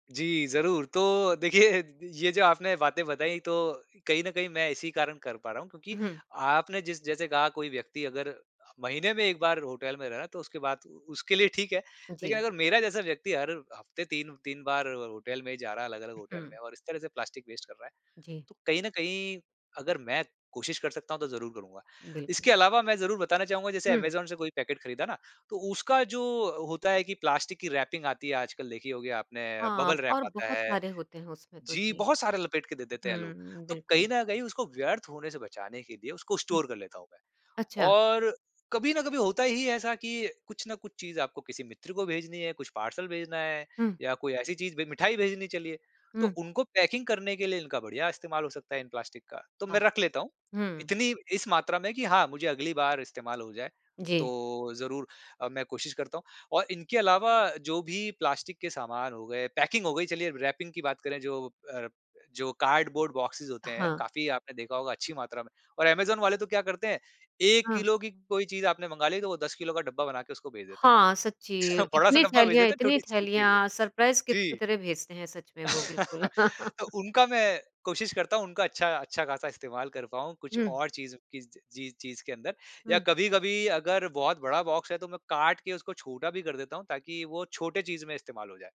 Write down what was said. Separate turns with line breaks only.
जी, ज़रूर, तो देखिए द ये जो आपने बातें बताई तो कहीं न कहीं मैं इसी कारण कर पा रहा हूँ क्योंकि
हुँ।
आपने जिस जैसे कहा कोई व्यक्ति अगर महीने में 1 बार होटल में रहे ना तो उसके बाद उ उसके लिए ठीक है, लेकिन
जी।
अगर मेरा जैसा व्यक्ति हर हफ्ते 3-3 बार होटल में जा रहा है अलग-अलग होटल
हुँ।
में और इस तरह से प्लास्टिक वेस्ट कर रहा है,
जी।
तो कहीं न कहीं अगर मैं कोशिश कर सकता हूँ तो ज़रूर करूँगा।
बिल्कुल।
इसके अलावा मैं ज़रूर बताना चाहूँगा जैसे
हुँ।
ऐमेज़ॉन से कोई पैकेट खरीदा ना तो उसका जो हो होता है कि प्लास्टिक कि रैपिंग आती है आजकल देखी होगी आपने, बबल
हाँ,
रैप
और
आता
बहुत
है
सारे होते हैं उसमें तो,
जी,
जी,
बहुत सारे लपेट के दे देते हैं लोग।
हम्म,
तो
बिल्कुल।
कहीं न कहीं उसको व्यर्थ होने से बचाने के लिए उसको
हुँ,
स्टोर कर लेता हूँ मैं
अच्छा।
और कभी ना कभी होता ही ऐसा कि कुछ ना कुछ चीज़ आपको किसी मित्र को भेजनी है, कुछ पार्सल भेजना है,
हुँ।
या कोई ऐसी चीज़ भे मिठाई भेजनी चलिए तो
हुँ।
उनको पैकिंग करने के लिए इनका बढिया इस्तेमाल हो सकता है इन प्लास्टिक का तो
वाह!
मैं रख लेता हूँ।
हुँ।
इतनी इस मात्रा में कि हाँ, मुझे अगली बार इस्तेमाल हो जाए
जी।
तो ज़रूर अ, मैं कोशिश करता हूँ और इनके अलावा जो भी प्लास्टिक के सामान हो गए, पैकिंग हो गई चलिए रैपिंग की बात करें जो अ, रप जो कार्डबोर्ड बॉक्सेज़ होते हैं,
हाँ।
काफ़ी आपने देखा होगा अच्छी मात्रा में, और ऐमेज़ॉन वाले तो क्या करते हैं 1
हाँ।
किलो की कोई चीज आपने मँगा ली तो वो 10 किलो का डब्बा बना के उसको भेज देते हैं,
हाँ, सच्ची,
बड़ा सा
इतनी
डब्बा भेज
थैलियाँ
देते हैं
इतनी
छोटी-सी चीज़ के लिए,
थैलियाँ सरप्राइज़ गिफ्ट की
जी।
तरह भेजते हैं सच में वो बिल्कुल।
तो उनका मैं कोशिश करता हूँ उनका अच्छा अच्छा ख़ासा इस्तेमाल कर पाऊँ कुछ
हुँ।
और चीज़ की चीज़ चीज़ के अंदर या
हुँ।
कभी-कभी अगर बहुत बड़ा बॉक्स है तो मैं काट के उसको छोटा भी कर देता हूँ ताकि वो छोटे चीज़ में इस्तेमाल हो जाए।